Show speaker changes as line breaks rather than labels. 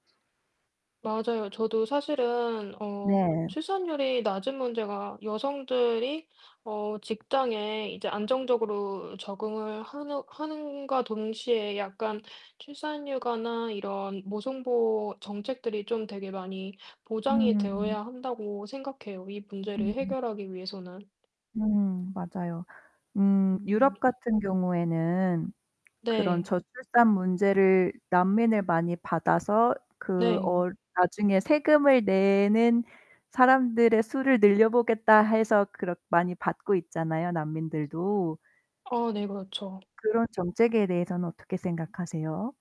맞아요. 저도 사실은 어
네.
출산율이 낮은 문제가 여성들이 어 직장에 이제 안정적으로 적응을 하는 함과 동시에 약간 출산 휴가나 이런 모성보호 정책들이 좀 되게 많이 보장이
음.
되어야 한다고 생각해요 이 문제를
음음.
해결하기 위해서는.
음, 맞아요. 음
음.
유럽 같은 경우에는 그런
네.
저출산 문제를 난민을 많이 받아서 그
네.
어 '나중에 세금을 내는 사람들의 수를 늘려보겠다.' 해서 그렇 많이 받고 있잖아요 난민들도.
어 네, 그렇죠.
그런 정책에 대해서는 어떻게 생각하세요?